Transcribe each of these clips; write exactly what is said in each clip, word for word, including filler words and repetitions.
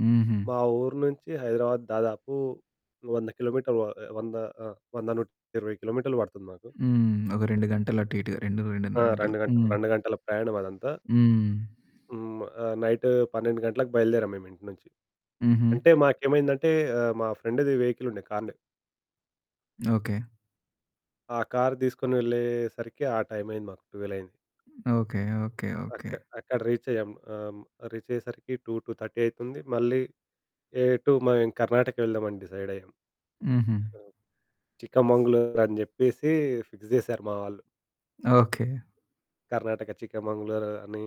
హుహు. మా ఊరు నుంచి హైదరాబాద్ దాదాపు వంద కిలోమీటర్లు వ ఆహ్, వంద ఆ! వంద నుండి నూట ఇరవై కిలోమీటర్లు పడుతుంది మాకు. హ్మ్, ఒక రెండు గంటలు అటు ఇటుగా రెండు ఆ! రెండున్నర గంటలు. రెండు గంటలు హ్మ్. రెండు గంటల ప్రయాణం అదంతా. హ్మ్. హ్మ్, ఆహ్, నైటు పన్నెండు గంటలకు బయలుదేరాము మేమింటి నుంచి. హుహు. అంటే మాకేమైందంటే, ఆహ్, మా ఫ్రెండుది వెహికలుండే కారునే. ఓకె. ఆ కారు తీసుకొని వెళ్ళే సరికి ఆ టైం అయింది మాకు, ట్వెల్వ్ అయింది. ఓకె, ఓకె, అక్క ఓకె. అక్కడ రీచ్ అయ్యాం. ఆహ్, హ్మ్. రీచ్ అయ్యేసరికి టూ, టూ థర్టీ అయితుంది మళ్ళీ ఏ ఎటు మ ఇంక కర్ణాటక వెళ్దామని డిసైడ్ అయ్యాం. హుహు. ఆ! ఆ! చికమంగళూరు అని చెప్పేసి ఫిక్స్ జేసారు మా వాళ్ళు. ఓకె. కర్ణాటక చికమంగళూరు అని,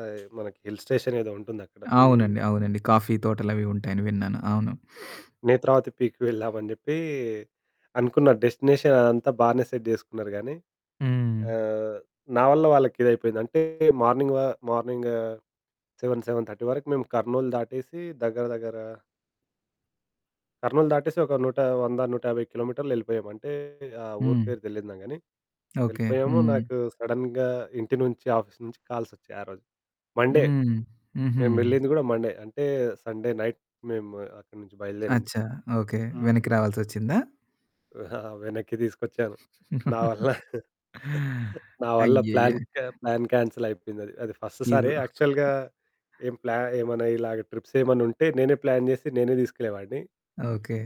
ఆహ్, మనకి హిల్ స్టేషన్ ఏదో ఉంటుంది అక్కడ. హ్మ్. అవునండి, అవునండి. కాఫీ తోటలవి ఉంటాయని విన్నాను. అవును. 'నేత్రావతి పీక్' వెళ్దామని చెప్పీ అనుకున్నారు. డెస్టినేషన్ అదంతా బానే సెట్ జేసుకున్నారు గానీ హ్మ్. ఆహ్, నా వల్ల వాళ్ళకి ఇదయిపోయింది అంటే, మార్నింగ్ వ మార్నింగ సెవెన్ సెవెన్ థర్టీ వరకు మేము కర్నూల్ దాటేసి దగ్గర దగ్గర కర్నూల్ దాటేసి ఒక నూటా వంద నూట యాభై కిలోమీటర్లు యెళ్ళిపోయాము అంటే ఆ ఊరు హ్మ్. పేరు తెలీదునా గాని ఓకె. వెళ్ళిపోయాము. హ్మ్. నాకు సడెన్‌గా ఇంటి నుంచి, ఆఫీస్ నుంచి కాల్స్ వచ్చాయి ఆ రోజు. మండే హ్మ్. హుహు. మేము వెళ్ళింది గూడా మండే. అంటే సండే నైట్ మేము అక్కడి నుంచి బయలుదేరింది. అచ్చ! ఓకె. హ్మ్. వెనక్కి రావాల్సొచ్చిందా? వెనక్కి తీసుకొచ్చాను. నా వల్ల, నా వల్ల అయ్యయ్యో! ప్లాన్ కె ప్లాన్ కాన్సెల్ అయిపోయిందది. అది ఫస్ట్ సారి ఇదొ యాక్చువల్‌గా ఏం ప్లా ఏమైనా ఇలాగ ట్రిప్స్ ఏమైనా ఉంటే నేనే ప్లాన్ జేసి నేనే తీసుకెళ్ళేవాడిని. ఓకె.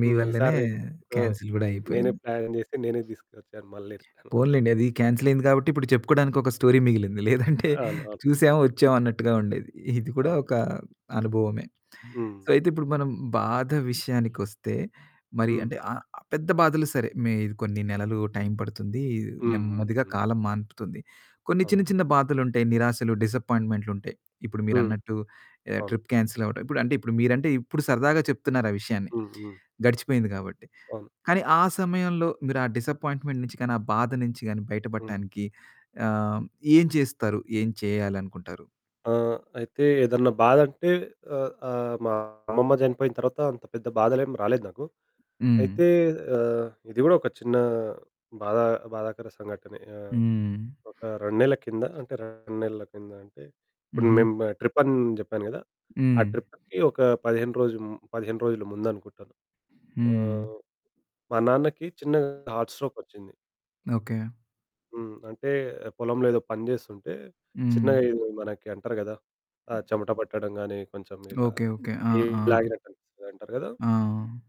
మీ హ్మ్, ఈ వల్లనే సారి హ్మ్. క్యాన్సల్ గూడా నేనే అయిపోయింది. ప్లాన్ జేసి నేనే తీసుకొచ్చాను, మళ్ళీ రిటర్న్ అలా. పోనిలెండి అది కాన్సెల్ అయింది కాబట్టి ఇప్పుడు చెప్పుకోడానికి ఒక స్టోరీ మిగిలింది. లేదంటే అవును, అవును. చూసాము, హ్మ్. వచ్చాం అన్నట్టుగా ఉండేది. ఇది కూడా అవును. ఒక అనుభవమే. సో హ్మ్. అయితే ఇప్పుడు మనం బాధ విషయానికొస్తే, మరి హ్మ్. అంటే ఆహ్, పెద్ద బాధలు సరే మే ఇది కొన్ని నెలలు టైం పడుతుంది, హ్మ్, హ్మ్, నెమ్మదిగా హ్మ్. కాలం మాన్పుతుంది. కొన్ని అవును. చిన్న చిన్న బాధలుంటాయి, నిరాశలు, డిసప్పాయింట్‌మెంట్లు ఉంటాయి. ఇప్పుడు హ్మ్. మీరన్నట్టు ఎహ్, అవును. ట్రిప్ కాన్సెల్ అవ్వడం. అంటే ఇప్పుడు మీరంటే ఇప్పుడు సరదాగా చెప్తున్నారు ఆ విషయాన్ని, హ్మ్, హ్మ్. గడిచిపోయింది కాబట్టి. అవును. కానీ ఆ సమయంలో మీరు ఆ డిసప్పాయింట్‌మెంట్ నుంచి గాని, ఆ బాధ నుంచి గాని హ్మ్. బయటపడటానికి ఆహ్, ఏం చేస్తారు, ఏం చేయాలనుకుంటారు? ఆ! అయితే ఏదన్నా బాధంటే ఆహ్, ఆహ్, మా అమ్మమ్మ చనిపోయిన తర్వాత అంత పెద్ద బాధలేమి రాలేదు నాకు. హ్మ్. అయితే ఆహ్, ఇది కూడా ఒక చిన్న బాధా బాధాకర సంఘటనే. ఆహ్, హ్మ్. ఒక రెండు నెలల కింద అంటే రెండు నెలల కింద అంటే ఇప్పుడు హుహు. మేము ట్రిప్ అని జెప్పాను కదా! ఆ హ్మ్. ట్రిప్పుకి ఒక పదిహేను రోజులు ము పదిహేను రోజులు ముందనుకుంటాను. హ్మ్. ఆహ్, మా నాన్నకి చిన్న హార్ట్ స్ట్రోక్ వచ్చింది. ఓకె. హ్మ్, అంటే పొలంలో ఏదో పని చేస్తుంటే చిన్నగా హ్మ్. ఏదో మనకి అంటారు కదా! ఆ చెమట పట్టడం గాని కొంచెం ఇలా ఓకె, ఓకె. ఆ! చెయ్యి ఆ! లాగినట్టు అనిపిస్తది అంటారు కదా! ఆ!